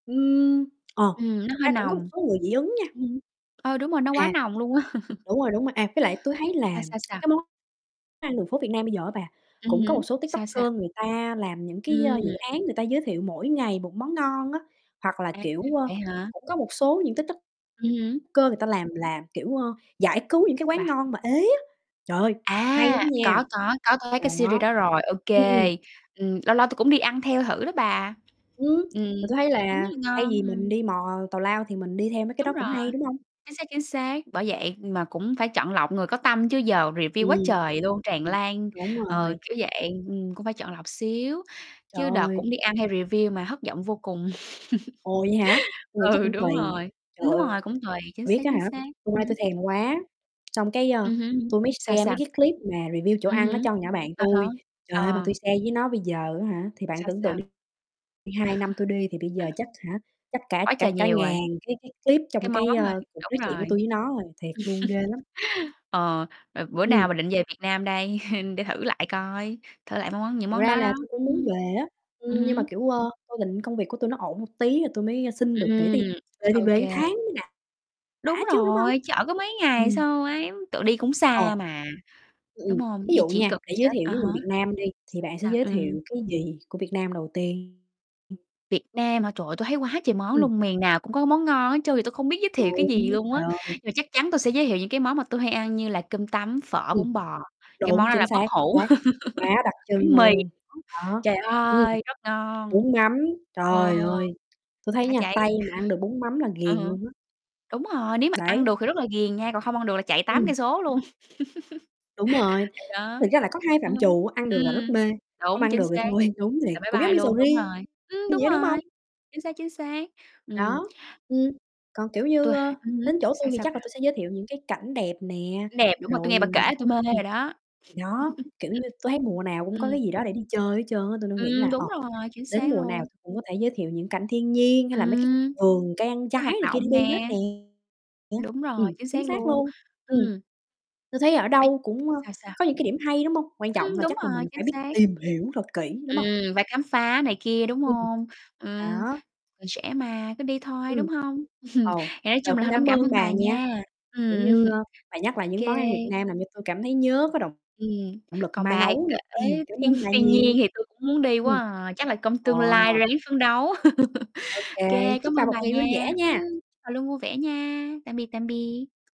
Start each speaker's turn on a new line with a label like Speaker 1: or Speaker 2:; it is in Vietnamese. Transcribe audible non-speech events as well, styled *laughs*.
Speaker 1: Ừm, ờ,
Speaker 2: Ừm, nó
Speaker 1: thực
Speaker 2: hơi
Speaker 1: ra cũng có một
Speaker 2: nồng.
Speaker 1: số người dị ứng nha.
Speaker 2: Ừm hứm. Ờ, đúng rồi, nó quá
Speaker 1: À.
Speaker 2: nồng luôn á. *chuckles*
Speaker 1: Đúng rồi, đúng rồi, à, với lại tui thấy là
Speaker 2: Sao, sao,
Speaker 1: *tsk*
Speaker 2: sao?
Speaker 1: cái món ăn đường phố Việt Nam bây giờ á bà,
Speaker 2: Ừm
Speaker 1: cũng có
Speaker 2: hứm,
Speaker 1: một số
Speaker 2: sao, sao?
Speaker 1: TikToker người ta làm những cái, ơ, dự
Speaker 2: Ừm.
Speaker 1: án người ta giới thiệu mỗi ngày một món ngon á, hoặc là,
Speaker 2: À,
Speaker 1: kiểu, ơ,
Speaker 2: vậy hả?
Speaker 1: cũng có một số những TikTok
Speaker 2: Ừm hứm.
Speaker 1: cơ người ta làm là, kiểu, ơ, giải cứu những cái
Speaker 2: Sao
Speaker 1: quán
Speaker 2: bà?
Speaker 1: ngon mà ế á. Trời ơi, hay
Speaker 2: À,
Speaker 1: lắm nha!
Speaker 2: có, có, có, có thấy cái series
Speaker 1: Đó,
Speaker 2: đó rồi, ô
Speaker 1: ừm, ừm.
Speaker 2: kê. Ừm, lâu lâu tui cũng đi ăn theo thử đó bà.
Speaker 1: Ừm,
Speaker 2: Ừm,
Speaker 1: và tui thấy
Speaker 2: cũng khá
Speaker 1: là
Speaker 2: là
Speaker 1: thay
Speaker 2: ngon,
Speaker 1: vì mình
Speaker 2: ừm.
Speaker 1: đi mò tào lao thì mình đi theo mấy cái
Speaker 2: Đúng
Speaker 1: đó
Speaker 2: rồi,
Speaker 1: cũng hay, đúng hông?
Speaker 2: chính xác, chính xác, bởi vậy mà cũng phải chọn lọc người có tâm chứ giờ review quá
Speaker 1: Ừm,
Speaker 2: trời luôn, tràn lan,
Speaker 1: đúng
Speaker 2: ờ,
Speaker 1: rồi.
Speaker 2: kiểu vậy, ừm, cũng phải chọn lọc xíu.
Speaker 1: Trời
Speaker 2: Chứ đợt
Speaker 1: ơi.
Speaker 2: cũng đi ăn theo review mà thất giọng vô cùng.
Speaker 1: Ồ! Vậy hả?
Speaker 2: *laughs*
Speaker 1: Tui nghĩ chắc
Speaker 2: Ừ,
Speaker 1: cũng
Speaker 2: đúng
Speaker 1: tùy.
Speaker 2: rồi,
Speaker 1: Trời
Speaker 2: đúng
Speaker 1: ơi
Speaker 2: rồi, cũng tùy, chính
Speaker 1: biết
Speaker 2: xác,
Speaker 1: á
Speaker 2: chính
Speaker 1: hả,
Speaker 2: xác,
Speaker 1: hôm qua tui
Speaker 2: ừm.
Speaker 1: thèm quá, *smacks lips* xong cái, ơ,
Speaker 2: Ừm hưm,
Speaker 1: tui mới
Speaker 2: sao,
Speaker 1: share mấy
Speaker 2: sao?
Speaker 1: cái clip mà review chỗ
Speaker 2: Ừm
Speaker 1: ăn đó
Speaker 2: hứm,
Speaker 1: cho con nhỏ bạn
Speaker 2: à há,
Speaker 1: tui. Trời ơi! Mà
Speaker 2: ờ.
Speaker 1: tui share với nó bây giờ á hả, thì bạn
Speaker 2: Sao,
Speaker 1: tưởng tượng
Speaker 2: sao?
Speaker 1: đi đi, 2 năm tui
Speaker 2: *laughs*
Speaker 1: đi thì bây giờ chắc, hả, chắc cả
Speaker 2: Quá
Speaker 1: cả
Speaker 2: trời
Speaker 1: cả
Speaker 2: nhiều
Speaker 1: ngàn
Speaker 2: rồi.
Speaker 1: cái cái clip trong
Speaker 2: Cái món
Speaker 1: cái,
Speaker 2: thôi,
Speaker 1: ơ, cuộc
Speaker 2: đúng
Speaker 1: nói chuyện của
Speaker 2: rồi.
Speaker 1: tui với nó rồi. Thiệt luôn, ghê lắm.
Speaker 2: *chuckles* Ờ, b bữa
Speaker 1: Ừm.
Speaker 2: nào bà định về Việt Nam đây? *chuckles* Để thử lại coi, thử lại mấy món những
Speaker 1: Thật
Speaker 2: món
Speaker 1: ra
Speaker 2: đó
Speaker 1: là
Speaker 2: đó,
Speaker 1: tui cũng
Speaker 2: ừm
Speaker 1: muốn
Speaker 2: hứm.
Speaker 1: về á,
Speaker 2: Ừm
Speaker 1: ưm, nhưng mà,
Speaker 2: hứm.
Speaker 1: kiểu, ơ, tui định công việc của tui nó ổn một tí, rồi tui mới, ơ, xin được nghỉ ti
Speaker 2: Ừm,
Speaker 1: về thì
Speaker 2: ô
Speaker 1: về
Speaker 2: kê.
Speaker 1: một tháng mới đã
Speaker 2: Đúng
Speaker 1: đã chứ, đúng hông?
Speaker 2: rồi, chợ có mấy ngày
Speaker 1: Ừm.
Speaker 2: sao ém tự đi cũng
Speaker 1: Ờ.
Speaker 2: xa mà,
Speaker 1: Ưm,
Speaker 2: đúng
Speaker 1: ừm,
Speaker 2: hông?
Speaker 1: ví
Speaker 2: Di
Speaker 1: dụ
Speaker 2: chuyển
Speaker 1: nha,
Speaker 2: cực gần
Speaker 1: để giới
Speaker 2: chết,
Speaker 1: thiệu
Speaker 2: à
Speaker 1: với
Speaker 2: há.
Speaker 1: người Việt Nam đi thì
Speaker 2: Sao,
Speaker 1: bạn sẽ
Speaker 2: sao?
Speaker 1: giới
Speaker 2: Ừm.
Speaker 1: thiệu cái gì của Việt Nam đầu tiên?
Speaker 2: Việt Nam hả? Trời ơi, tôi thấy quá trời món
Speaker 1: Ừm.
Speaker 2: luôn, miền nào cũng có món ngon hết trơn, giờ tui không biết giới thiệu cái gì
Speaker 1: Đúng,
Speaker 2: luôn
Speaker 1: trời
Speaker 2: á.
Speaker 1: ơi!
Speaker 2: Mà chắc chắn tui sẽ giới thiệu những cái món mà tui hay ăn như là cơm tấm, phở,
Speaker 1: Ừm.
Speaker 2: bún bò, cái món
Speaker 1: Đúng,
Speaker 2: đó
Speaker 1: chính
Speaker 2: là bất
Speaker 1: xác
Speaker 2: hủ.
Speaker 1: xác, quá đặc
Speaker 2: *laughs* Bánh
Speaker 1: trưng
Speaker 2: mì
Speaker 1: luôn,
Speaker 2: nữa.
Speaker 1: đó,
Speaker 2: Trời
Speaker 1: ừm.
Speaker 2: ơi, rất ngon!
Speaker 1: Bún mắm,
Speaker 2: Ờ,
Speaker 1: trời ơi, tui thấy
Speaker 2: bá
Speaker 1: nha,
Speaker 2: cháy.
Speaker 1: Tây mà ăn được bún mắm là
Speaker 2: Ừm
Speaker 1: ghiền
Speaker 2: hửm.
Speaker 1: luôn á.
Speaker 2: Đúng rồi, nếu mà ăn
Speaker 1: Đấy.
Speaker 2: được thì rất là ghiền nha, còn không ăn được là chạy tám
Speaker 1: Ừm.
Speaker 2: cây số luôn. *laughs*
Speaker 1: Đúng rồi,
Speaker 2: Thì đó,
Speaker 1: thực ra là có hai
Speaker 2: ừm
Speaker 1: phạm
Speaker 2: hứm,
Speaker 1: trù ăn được là rất
Speaker 2: ừm.
Speaker 1: mê, không
Speaker 2: Đúng,
Speaker 1: ăn
Speaker 2: chính
Speaker 1: được thì
Speaker 2: xác,
Speaker 1: thôi, đúng thiệt,
Speaker 2: là bye
Speaker 1: cũng giống
Speaker 2: bye
Speaker 1: như sầu
Speaker 2: luôn, đúng
Speaker 1: riêng
Speaker 2: rồi. Ừm,
Speaker 1: như
Speaker 2: đúng
Speaker 1: vậy đó, đúng
Speaker 2: rồi,
Speaker 1: hông?
Speaker 2: chính xác, chính xác, ừm.
Speaker 1: Đó, ừm, còn, kiểu như,
Speaker 2: Tui h
Speaker 1: ơ,
Speaker 2: ừm
Speaker 1: đến
Speaker 2: hứm.
Speaker 1: chỗ tui
Speaker 2: Sao,
Speaker 1: thì
Speaker 2: sao
Speaker 1: chắc là
Speaker 2: bà?
Speaker 1: tui sẽ giới thiệu những cái cảnh đẹp nè,
Speaker 2: Cảnh đẹp, đúng rồi. Tui
Speaker 1: rồi,
Speaker 2: nghe bà kể
Speaker 1: à
Speaker 2: là tui mê theo
Speaker 1: ừm.
Speaker 2: rồi đó.
Speaker 1: Đó,
Speaker 2: *laughs*
Speaker 1: kiểu như, tui thấy mùa nào cũng có
Speaker 2: Ừm.
Speaker 1: cái gì đó để đi chơi hết trơn á, tôi nên nghĩ
Speaker 2: Ừm,
Speaker 1: là, ờ,
Speaker 2: đúng rồi, chính
Speaker 1: đến
Speaker 2: xác
Speaker 1: mùa nào
Speaker 2: luôn.
Speaker 1: cũng có thể giới thiệu những cảnh thiên nhiên, hay là mấy cái
Speaker 2: Ừm,
Speaker 1: vườn cây
Speaker 2: có
Speaker 1: trái
Speaker 2: hoạt
Speaker 1: này kia để
Speaker 2: động
Speaker 1: đi hết
Speaker 2: nè.
Speaker 1: nè nè.
Speaker 2: Đúng rồi,
Speaker 1: Ừm,
Speaker 2: chính
Speaker 1: chính
Speaker 2: xác
Speaker 1: xác
Speaker 2: luôn,
Speaker 1: luôn, ừm.
Speaker 2: ừm.
Speaker 1: Tui thấy ở
Speaker 2: *unintelligible*
Speaker 1: đâu cũng, ơ,
Speaker 2: Sao, sao?
Speaker 1: có những cái điểm hay, đúng hông? Quan trọng
Speaker 2: Ưm,
Speaker 1: là
Speaker 2: đúng
Speaker 1: chắc là
Speaker 2: rồi,
Speaker 1: mình phải
Speaker 2: chính
Speaker 1: biết
Speaker 2: xác.
Speaker 1: tìm hiểu thật kỹ, đúng hông?
Speaker 2: Ừm, phải khám phá này kia, đúng
Speaker 1: Ừm.
Speaker 2: hông? Ừm,
Speaker 1: Đó.
Speaker 2: còn trẻ mà, cứ đi thôi,
Speaker 1: Ừm.
Speaker 2: đúng hông? *chuckles*
Speaker 1: Ồ,
Speaker 2: Thì nói
Speaker 1: rồi
Speaker 2: chung là
Speaker 1: cũng
Speaker 2: hôm nay cũng
Speaker 1: cảm
Speaker 2: cảm
Speaker 1: ơn
Speaker 2: ơn
Speaker 1: bà
Speaker 2: bà
Speaker 1: nha,
Speaker 2: nha.
Speaker 1: kiểu như,
Speaker 2: Ừm,
Speaker 1: ơ, bà nhắc lại
Speaker 2: ô
Speaker 1: những
Speaker 2: kê.
Speaker 1: món ăn Việt Nam làm cho tôi cảm thấy nhớ có động
Speaker 2: Ừm,
Speaker 1: động lực
Speaker 2: còn
Speaker 1: mai
Speaker 2: bà
Speaker 1: nấu
Speaker 2: kể
Speaker 1: nà. *chuckles* Cảm
Speaker 2: thiên
Speaker 1: ơn bà
Speaker 2: thiên nhiên
Speaker 1: nhiều.
Speaker 2: thì tui cũng muốn đi quá
Speaker 1: Ừm,
Speaker 2: à, chắc là công
Speaker 1: à.
Speaker 2: tương lai ráng phấn đấu.
Speaker 1: Ô
Speaker 2: *laughs*
Speaker 1: kê,
Speaker 2: Kê, cám
Speaker 1: chúc bà
Speaker 2: ơn bà
Speaker 1: một ngày vui
Speaker 2: nha,
Speaker 1: vẻ nha.
Speaker 2: ưm, bà luôn vui vẻ nha, tạm biệt, tạm biệt.